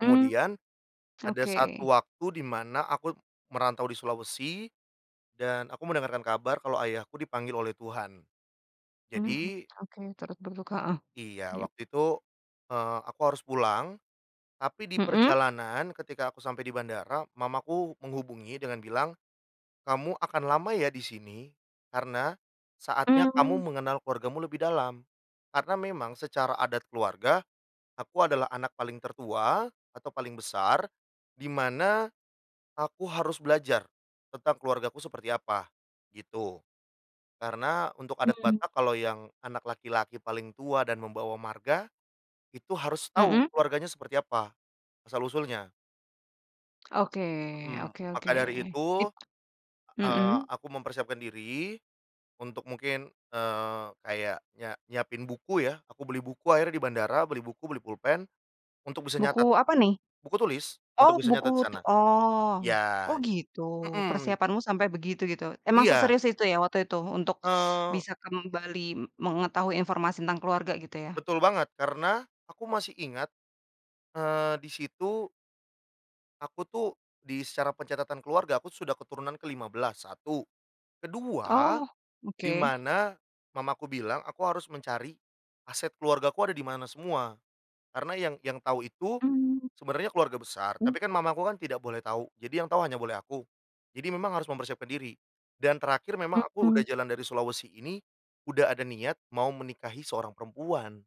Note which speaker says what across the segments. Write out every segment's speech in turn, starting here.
Speaker 1: Mmm,
Speaker 2: Kemudian, ada
Speaker 1: oke.
Speaker 2: satu waktu di mana aku merantau di Sulawesi dan aku mendengarkan kabar kalau ayahku dipanggil oleh Tuhan.
Speaker 1: Mmm,
Speaker 2: Jadi
Speaker 1: oke. Terus berduka heeh,
Speaker 2: Iya,
Speaker 1: iyup.
Speaker 2: waktu itu, eee, aku harus pulang. Tapi di
Speaker 1: Mhm.
Speaker 2: perjalanan ketika aku sampai di bandara, mamaku menghubungi dengan bilang, "Kamu akan lama ya, di sini, karena saatnya kamu
Speaker 1: Mmm.
Speaker 2: mengenal keluargamu lebih dalam." Karena memang secara adat keluarga, aku adalah anak paling tertua atau paling besar, di mana aku harus belajar tentang keluargaku seperti apa, gitu. Karena untuk adat
Speaker 1: Hmm.
Speaker 2: Batak, kalau yang anak laki-laki paling tua dan membawa marga, itu harus tahu
Speaker 1: Mhm.
Speaker 2: keluarganya seperti apa asal-usulnya.
Speaker 1: Oke
Speaker 2: Mhm,
Speaker 1: oke oke,
Speaker 2: maka dari itu,
Speaker 1: it
Speaker 2: eee,
Speaker 1: mhm.
Speaker 2: aku mempersiapkan diri, untuk mungkin, eee, kayak nyia nyiapin buku ya. Aku beli buku akhirnya di bandara, beli buku, beli pulpen untuk bisa
Speaker 1: Buku
Speaker 2: nyatet
Speaker 1: apa nih?
Speaker 2: buku tulis,
Speaker 1: Oh
Speaker 2: untuk bisa
Speaker 1: buku
Speaker 2: nyatet di
Speaker 1: tu
Speaker 2: sana.
Speaker 1: oh,
Speaker 2: Iya,
Speaker 1: oh gitu.
Speaker 2: mhm.
Speaker 1: Persiapanmu sampai begitu, gitu, emang
Speaker 2: Iya.
Speaker 1: seserius itu ya, waktu itu, untuk
Speaker 2: Eee.
Speaker 1: bisa kembali m mengetahui informasi tentang keluarga, gitu ya?
Speaker 2: Betul banget, karena aku masih ingat, eee, di situ aku tuh, di secara pencatatan keluarga, aku sudah keturunan ke-15, satu. Kedua
Speaker 1: Oh,
Speaker 2: di
Speaker 1: oke.
Speaker 2: mana mamaku bilang, aku harus mencari aset keluargaku ada di mana semua. Karena yang yang tahu itu
Speaker 1: Mmm.
Speaker 2: sebenarnya keluarga besar,
Speaker 1: Mmm.
Speaker 2: tapi kan mamaku kan tidak boleh tahu. Jadi yang tahu hanya boleh aku. Jadi memang harus mempersiapkan diri. Dan terakhir memang aku
Speaker 1: Mmm.
Speaker 2: udah jalan dari Sulawesi ini, udah ada niat mau menikahi seorang perempuan.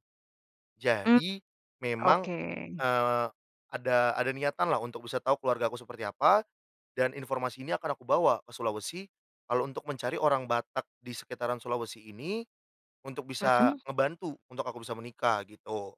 Speaker 1: Mmm,
Speaker 2: Jadi, memang,
Speaker 1: oke.
Speaker 2: eee, ada ada niatanlah, untuk bisa tahu keluargaku seperti apa, dan informasi ini akan aku bawa ke Sulawesi. Kalau untuk mencari orang Batak di sekitaran Sulawesi ini, untuk bisa
Speaker 1: Mhm.
Speaker 2: ngebantu, untuk aku bisa menikah, gitu.